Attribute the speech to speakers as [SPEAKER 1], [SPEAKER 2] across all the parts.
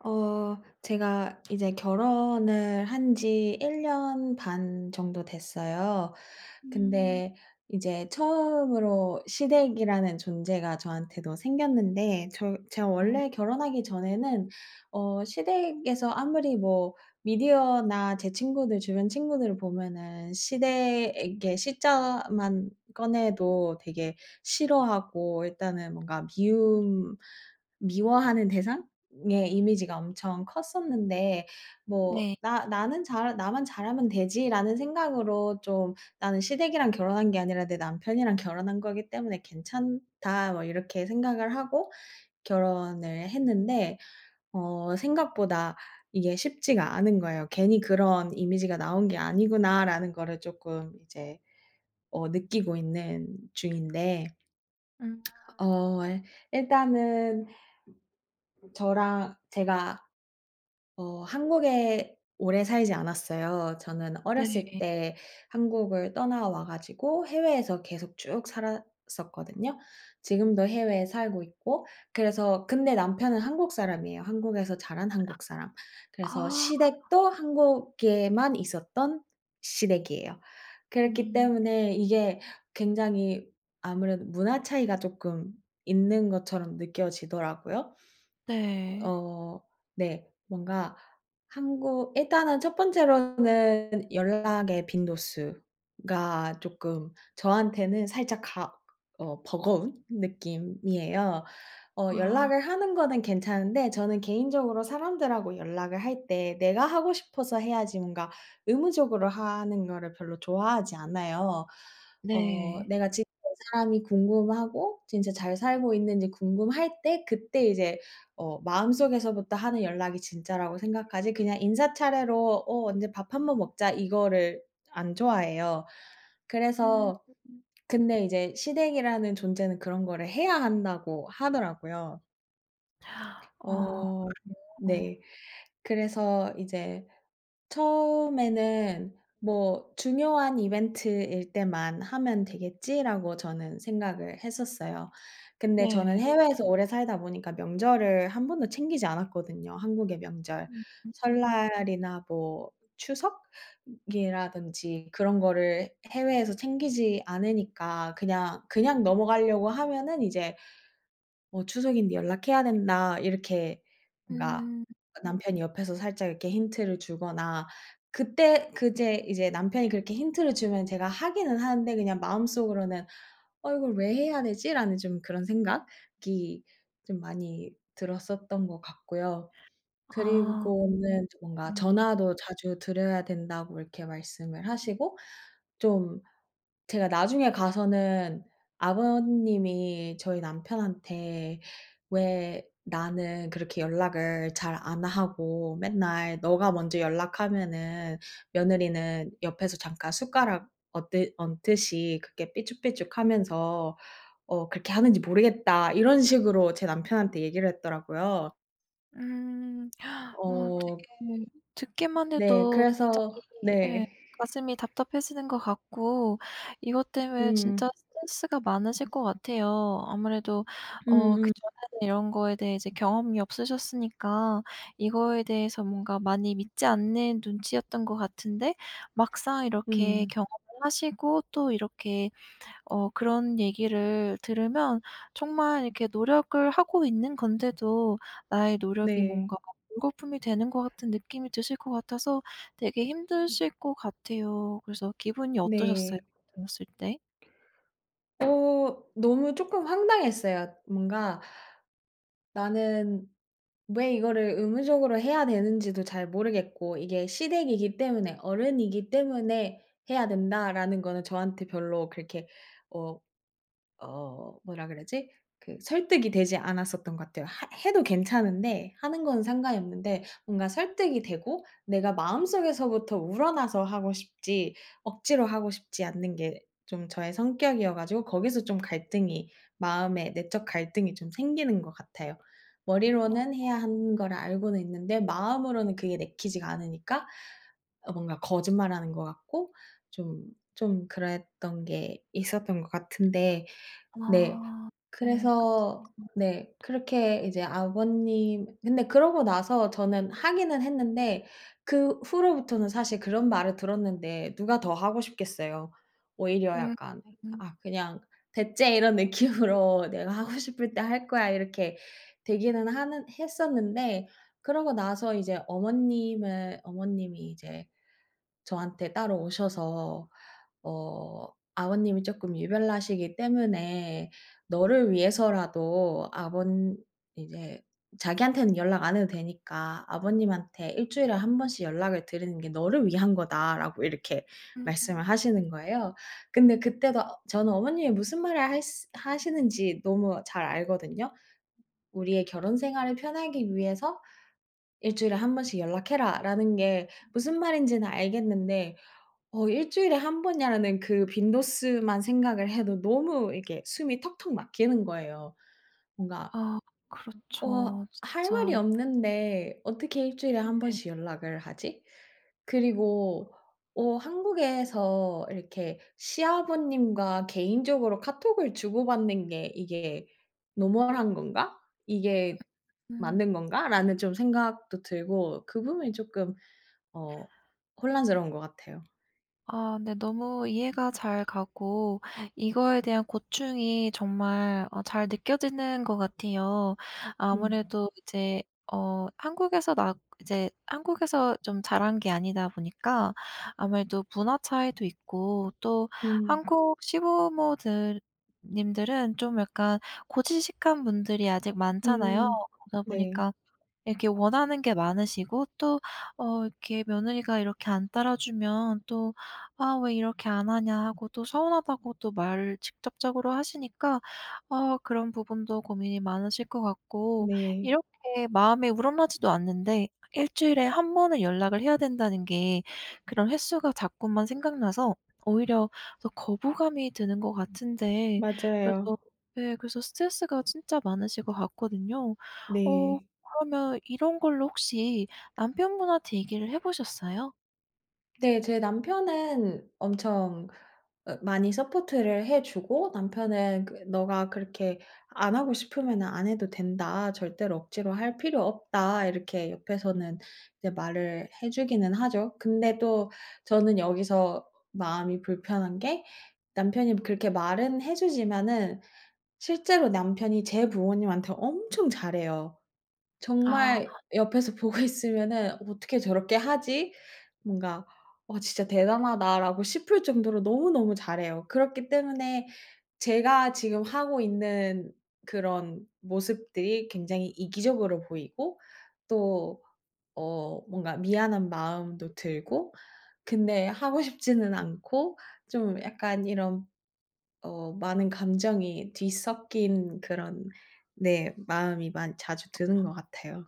[SPEAKER 1] 어. 제가 이제 결혼을 한 지 1 년 반 정도 됐어요.
[SPEAKER 2] 음.
[SPEAKER 1] 근데 이제 처음으로 시댁이라는 존재가 저한테도 생겼는데 저 제가
[SPEAKER 2] 어.
[SPEAKER 1] 원래 결혼하기 전에는 어, 시댁에서 아무리 뭐 미디어나 제 친구들 주변 친구들 보면은 시댁에 시자만 꺼내도 되게 싫어하고 일단은 뭔가
[SPEAKER 2] 음.
[SPEAKER 1] 미움, 미워하는 대상? 의 이미지가 엄청 컸었는데 뭐
[SPEAKER 2] 네.
[SPEAKER 1] '나 나는 잘 나만 잘하면 되지.'라는 생각으로 좀, '나는 시댁이랑 결혼한 게 아니라 내 남편이랑 결혼한 거기 때문에 괜찮다.' 뭐 이렇게 생각을 하고 결혼을 했는데 어 생각보다 이게 쉽지가 않은 거예요. '괜히 그런 이미지가 나온 게 아니구나.'라는 거를 쪼끔 이제 어, 느끼고 있는 중인데
[SPEAKER 2] 음.
[SPEAKER 1] 어, 왈 일단은 저랑 제가 어, 한국에 오래 살지 않았어요. 저는 어렸을
[SPEAKER 2] 네.
[SPEAKER 1] 때 한국을 떠나와 가지고 해외에서 계속 쭉 살았었거든요. 지금도 해외에 살고 있고. 그래서 근데 남편은 한국 사람이에요. 한국에서 자란 한국 사람. 그래서
[SPEAKER 2] 아.
[SPEAKER 1] 시댁도 한국에만 있었던 시댁이에요. 그렇기
[SPEAKER 2] 음.
[SPEAKER 1] 때문에 이게 굉장히 아무래도 문화 차이가 쪼끔 있는 것처럼 느껴지더라고요.
[SPEAKER 2] 네.
[SPEAKER 1] 어 네, 뭔가 한국 일단은 첫 번째로는 연락의 빈도수가 쪼끔 저한테는 살짝 가 어, 버거운 느낌이에요. 어,
[SPEAKER 2] 아.
[SPEAKER 1] 연락을 하는 거는 괜찮은데 저는 개인적으로 사람들하고 연락을 할 때 내가 하고 싶어서 해야지 뭔가 의무적으로 하는 거를 별로 좋아하지 않아요. 어
[SPEAKER 2] 네.
[SPEAKER 1] 내가 지금 이 사람이 궁금하고 진짜 잘 살고 있는지 궁금할 때 그때 이제 어, 마음속에서부터 하는 연락이 진짜라고 생각하지 그냥 인사 차례로 "어, 언제 밥 한번 먹자." 이거를 안 좋아해요.
[SPEAKER 2] 음.
[SPEAKER 1] 그래서 근데 이제 시댁이라는 존재는 그런 거를 해야 한다고 하더라고요.
[SPEAKER 2] 어.
[SPEAKER 1] 어.
[SPEAKER 2] 그래요?
[SPEAKER 1] 네. 그래서 이제 처음에는 '뭐 중요한 이벤트일 때만 하면 되겠지.'라고 저는 생각을 했었어요. 근데 저는
[SPEAKER 2] 네.
[SPEAKER 1] 해외에서 오래 살다 보니까 명절을 1 번도 챙기지 않았거든요, 한국의 명절.
[SPEAKER 2] 음 음 음.
[SPEAKER 1] 설날이나 뭐 추석? 이라던지 그런 거를 해외에서 챙기지 않으니까 그냥, 그냥 넘어가려고 하면은 이제 뭐 "추석인데 연락해야 된다." 이렇게 뭔가
[SPEAKER 2] 음.
[SPEAKER 1] 아 남편이 옆에서 살짝 이렇게 힌트를 주거나 그때 그제 이제 남편이 그렇게 힌트를 주면 제가 하기는 하는데 그냥 마음속으로는 '어 ,이걸 왜 해야 되지?' 라는 좀 그런 생각이 좀 많이 들었었던 것 같고요.
[SPEAKER 2] 아
[SPEAKER 1] 그리고는 뭔가
[SPEAKER 2] 음.
[SPEAKER 1] 전화도 자주 드려야 된다고 이렇게 말씀을 하시고 좀, 제가 나중에 가서는 아버님이 저희 남편한테 "왜 나는 그렇게 연락을 잘 안 하고 맨날 너가 먼저 연락하면은 며느리는 옆에서 잠깐 숟가락 얹드 얹듯이 그렇게 삐죽삐죽하면서 어, 그렇게 하는지 모르겠다." 이런 식으로 제 남편한테 얘기를 했더라고요.
[SPEAKER 2] 음. 어,
[SPEAKER 1] 어.
[SPEAKER 2] 어떡해. 듣기만
[SPEAKER 1] 네,
[SPEAKER 2] 해도
[SPEAKER 1] 그래서
[SPEAKER 2] 갑자기 예,
[SPEAKER 1] 네.
[SPEAKER 2] 가슴이 답답해지는 것 같고, 이것 때문에 진짜
[SPEAKER 1] 음.
[SPEAKER 2] 스트레스가 많으실 것 같아요. 아무래도 어,
[SPEAKER 1] 음음.
[SPEAKER 2] 그전에는 이런 거에 대해 경험이 없으셨으니까 이거에 대해서 뭔가 많이 믿지 않는 눈치였던 것 같은데 막상 이렇게
[SPEAKER 1] 음.
[SPEAKER 2] 경험을 하시고 또 이렇게 어, 그런 얘기를 들으면 정말 이렇게 노력을 하고 있는 건데도 나의 노력이
[SPEAKER 1] 네.
[SPEAKER 2] 뭔가 물거품이 되는 것 같은 느낌이 드실 것 같아서 되게
[SPEAKER 1] 음.
[SPEAKER 2] 힘드실 것 같아요. 그래서 기분이 어떠셨어요?
[SPEAKER 1] 네.
[SPEAKER 2] 들었을 때?
[SPEAKER 1] 어 너무 쪼끔 황당했어요. 뭔가 나는 왜 이거를 의무적으로 해야 되는지도 잘 모르겠고 '이게 시댁이기 때문에 어른이기 때문에 해야 된다.'라는 거는 저한테 별로 그렇게 어 어 뭐라 그러지? 그 설득이 되지 않았었던 것 같아요. 하 해도 괜찮은데 하는 건 상관이 없는데 뭔가 설득이 되고 내가 마음속에서부터 우러나서 하고 싶지 억지로 하고 싶지 않는 게 좀 저의 성격이어 가지고 거기서 좀 갈등이 마음에 내적 갈등이 좀 생기는 것 같아요.
[SPEAKER 2] 어.
[SPEAKER 1] 머리로는 해야 하는
[SPEAKER 2] 음.
[SPEAKER 1] 거를 알고는 있는데 마음으로는 그게 내키지가 않으니까 어 뭔가 거짓말하는 것 같고 좀, 좀 그랬던 게 있었던 것 같은데 네.
[SPEAKER 2] 아 네.
[SPEAKER 1] 그래서 네
[SPEAKER 2] [unintelligible]
[SPEAKER 1] 그렇게 이제 아버님 근데 그러고 나서 저는 하기는 했는데 그 후로부터는 사실 그런 말을 들었는데 누가 더 하고 싶겠어요. 오히려
[SPEAKER 2] 음
[SPEAKER 1] 약간
[SPEAKER 2] 음.
[SPEAKER 1] 아 그냥 '배 째.' 이런 느낌으로 '내가 하고 싶을 때 할거야.' 이렇게 되기는 하는 했었는데 그러고 나서 이제 어머님을 어머님이 이제 저한테 따로 오셔서 어 "아버님이 쪼끔 유별나시기 때문에 너를 위해서라도 아번 이제 자기한테는 연락 안 해도 되니까 아버님한테 1 주일에 1 번씩 연락을 드리는게 너를 위한거다."라고 이렇게 말씀을
[SPEAKER 2] 음음.
[SPEAKER 1] 하시는 거예요. 근데 그때도 저는 어머님이 무슨 말을 할스 하시는지 너무 잘 알거든요. "우리의 결혼생활을 편하기 위해서 1 주일에 1 번씩 연락해라."라는 게 무슨 말인지는 알겠는데 어 '1 주일에 1 번이야.'라는 그 빈도수만 생각을 해도 너무 이렇게 숨이 턱턱 막히는 거예요. 뭔가
[SPEAKER 2] 아
[SPEAKER 1] 어
[SPEAKER 2] 그렇죠.
[SPEAKER 1] '할
[SPEAKER 2] 진짜.
[SPEAKER 1] 말이 없는데 어떻게 1 주일에 1
[SPEAKER 2] 네.
[SPEAKER 1] 번씩 연락을 하지?' 그리고 어 '한국에서 이렇게 시아버님과 개인적으로 카톡을 주고 받는 게 이게 노멀한 건가? 이게
[SPEAKER 2] 음.
[SPEAKER 1] 맞는 건가?'라는 좀 생각도 들고 그 부분이 쪼끔 어 혼란스러운 것 같아요.
[SPEAKER 2] 아, 네. 너무 이해가 잘 가고 이거에 대한 고충이 정말 어, 잘 느껴지는 것 같아요.
[SPEAKER 1] 음.
[SPEAKER 2] 아무래도 이제 어, 한국에서 나 이제 한국에서 좀 자란 게 아니다 보니까 아무래도 문화 차이도 있고 또
[SPEAKER 1] 음.
[SPEAKER 2] 한국 시부모들 님들은 좀 약간 고지식한 분들이 아직 많잖아요.
[SPEAKER 1] 음
[SPEAKER 2] 그러다
[SPEAKER 1] 네.
[SPEAKER 2] 보니까 이렇게 원하는 게 많으시고 또 어, 이렇게 며느리가 이렇게 안 따라주면 또 "아, 왜 이렇게 안 하냐." 하고 또 서운하다고 말을 직접적으로 하시니까 아, 그런 부분도 고민이 많으실 것 같고
[SPEAKER 1] 네.
[SPEAKER 2] 이렇게 마음에 우러나지도 않는데 일주일에 1 번은 연락을 해야 된다는 게 그런 횟수가 자꾸만 생각나서 오히려 더 거부감이 드는 것 같은데 그래서
[SPEAKER 1] 맞아요.
[SPEAKER 2] 네, 그래서 스트레스가 진짜 많으실 것 같거든요. 어,
[SPEAKER 1] 네.
[SPEAKER 2] 그러면 이런 걸로 혹시 남편분한테 얘기를 해 보셨어요?
[SPEAKER 1] 네, 제 남편은 엄청 어, 많이 서포트를 해 주고 남편은 그 "네가 그렇게 안 하고 싶으면은 안 해도 된다. 절대로 억지로 할 필요 없다." 이렇게 옆에서는 이제 말을 해 주기는 하죠. 근데 또 저는 여기서 마음이 불편한 게 남편이 뭐 그렇게 말은 해 주지만은 실제로 남편이 제 부모님한테 엄청 잘해요.
[SPEAKER 2] 아.
[SPEAKER 1] 정말 옆에서 보고 있으면은 '어떻게 저렇게 하지?' 뭔가 '어, 진짜 대단하다.'라고 싶을 정도로 너무너무 잘해요. 그렇기 때문에 제가 지금 하고 있는 그런 모습들이 굉장히 이기적으로 보이고 또 어, 뭔가 미안한 마음도 들고 근데 하고 싶지는 않고 좀 약간 이런 어, 많은 감정이 뒤섞인 그런 네, 마음이 많이 자주 드는
[SPEAKER 2] 아.
[SPEAKER 1] 것 같아요.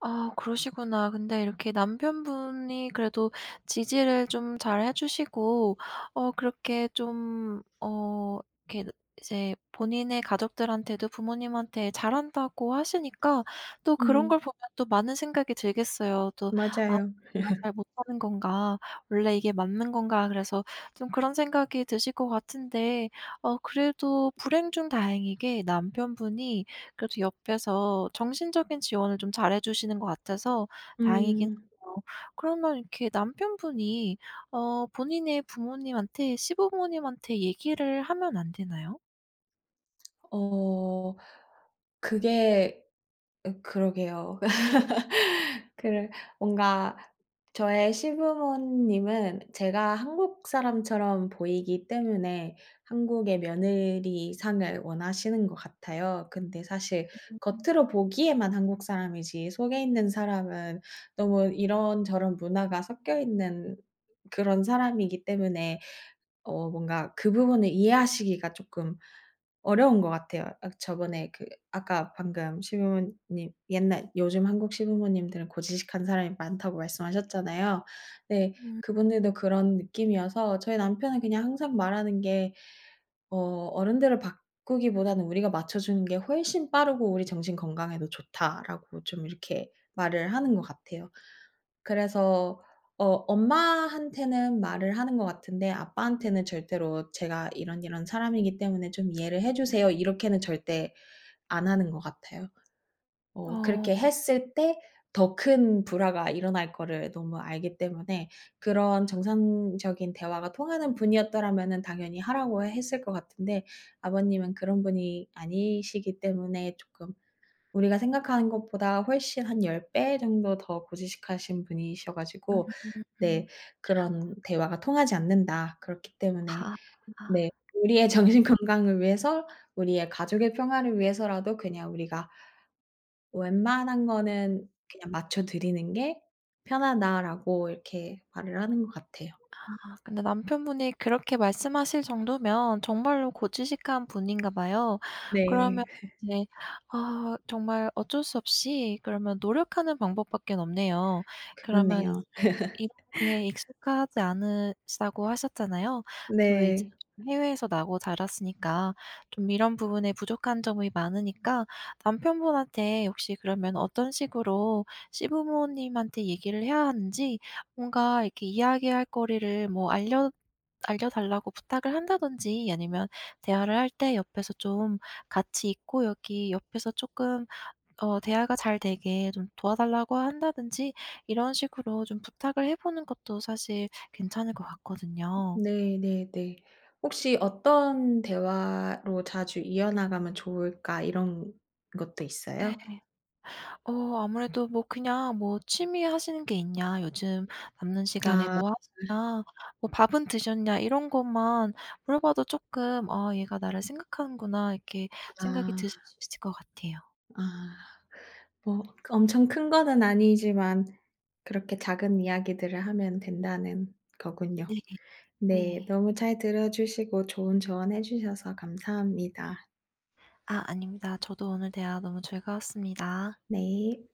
[SPEAKER 2] 아, 그러시구나. 근데 이렇게 남편분이 그래도 지지를 좀 잘해 주시고 어, 그렇게 좀 어. 이렇게 이제 본인의 가족들한테도 부모님한테 잘한다고 하시니까 또 그런 걸
[SPEAKER 1] 음.
[SPEAKER 2] 보면 또 많은 생각이 들겠어요. 또 '아,
[SPEAKER 1] 맞아요.
[SPEAKER 2] 내가 잘 못하는 건가? 원래 이게 맞는 건가?' 그래서 좀 그런 생각이 드실 것 같은데 어, 그래도 불행 중 다행이게 남편분이 그래도 옆에서 정신적인 지원을 좀 잘해 주시는 것 같아서 다행이긴
[SPEAKER 1] 음.
[SPEAKER 2] 해요. 그러면 이렇게 남편분이 어, 본인의 부모님한테 시부모님한테 얘기를 하면 안 되나요?
[SPEAKER 1] 어. 그게 어, 그러게요. 그러 뭔가 저의 시부모님은 제가 한국 사람처럼 보이기 때문에 한국의 며느리 상을 원하시는 것 같아요. 근데 사실
[SPEAKER 2] [unintelligible]
[SPEAKER 1] 겉으로 보기에만 한국 사람이지 속에 있는 사람은 너무 이런저런 문화가 섞여 있는 그런 사람이기 때문에 어, 뭔가 그 부분을 이해하시기가 쪼끔 어려운 것 같아요. 아 그 저번에 그 아까 방금 시부모님 옛날 요즘 한국 시부모님들은 고지식한 사람이 많다고 말씀하셨잖아요. 네,
[SPEAKER 2] 음 음.
[SPEAKER 1] 그분들도 그런 느낌이어서 저희 남편은 그냥 항상 말하는 게 어 "어른들을 바꾸기보다는 우리가 맞춰주는 게 훨씬 빠르고 우리 정신 건강에도 좋다."라고 좀 이렇게 말을 하는 것 같아요. 그래서 어 엄마한테는 말을 하는 것 같은데 아빠한테는 절대로 "제가 이런이런 사람이기 때문에 좀 이해를 해 주세요." 이렇게는 절대 안 하는 것 같아요. 어,
[SPEAKER 2] 아.
[SPEAKER 1] 그렇게 했을 때 더 큰 불화가 일어날 거를 너무 알기 때문에 그런 정상적인 대화가 통하는 분이었더라면은 당연히 하라고 했을 것 같은데 아버님은 그런 분이 아니시기 때문에 쪼끔 우리가 생각하는 것보다 훨씬 한 10 배 정도 더 고지식하신 분이셔 가지고
[SPEAKER 2] 음음음.
[SPEAKER 1] 네 그런 대화가 통하지 않는다." 그렇기 때문에
[SPEAKER 2] 아,
[SPEAKER 1] 네
[SPEAKER 2] 그렇구나.
[SPEAKER 1] 우리의 정신건강을 위해서 우리의 가족의 평화를 위해서라도 그냥 우리가 웬만한 거는 그냥 맞춰 드리는 게 편하다."라고 이렇게 말을 하는 것 같아요.
[SPEAKER 2] 아, 근데 남편분이 그렇게 말씀하실 정도면 정말로 고지식한 분인가 봐요. 그러면
[SPEAKER 1] 네.
[SPEAKER 2] 이제 아 정말 어쩔 수 없이 그러면 노력하는 방법밖에는 없네요. 그러면 이제
[SPEAKER 1] 그렇네요.
[SPEAKER 2] 이런 게 익숙하지 않으시다고 하셨잖아요. 또 이제
[SPEAKER 1] 네.
[SPEAKER 2] 해외에서 나고 자랐으니까 좀 이런 부분에 부족한 점이 많으니까, 남편분한테 혹시 그러면 어떤 식으로 시부모님한테 얘기를 해야 하는지 뭔가 이렇게 이야기할 거리를 뭐 알려 알려달라고 부탁을 한다든지 아니면 대화를 할 때 옆에서 좀 같이 있고 여기 옆에서 쪼끔 어 대화가 잘 되게 좀 도와달라고 한다든지 이런 식으로 좀 부탁을 해 보는 것도 사실 괜찮을 것 같거든요.
[SPEAKER 1] 네네네. 혹시 어떤 대화로 자주 이어나가면 좋을까 이런 것도 있어요?
[SPEAKER 2] 예. 어 아무래도 뭐 그냥 뭐 "취미 하시는 게 있냐? 요즘 남는 시간에
[SPEAKER 1] 아. 아.
[SPEAKER 2] 뭐 하시냐? 뭐 밥은 드셨냐?" 이런 것만 물어봐도 쪼끔 '아, 얘가 나를 생각하는구나.' 이렇게 생각이
[SPEAKER 1] 아.
[SPEAKER 2] 드실 수 있을 것 같아요.
[SPEAKER 1] 아. 뭐 그 엄청 큰 거는 아니지만 그렇게 작은 이야기들을 하면 된다는 거군요.
[SPEAKER 2] 네.
[SPEAKER 1] 네,
[SPEAKER 2] 네.
[SPEAKER 1] 너무 잘 들어 주시고 좋은 조언 해 주셔서 감사합니다.
[SPEAKER 2] 아, 아닙니다. 저도 오늘 대화 너무 즐거웠습니다.
[SPEAKER 1] 네.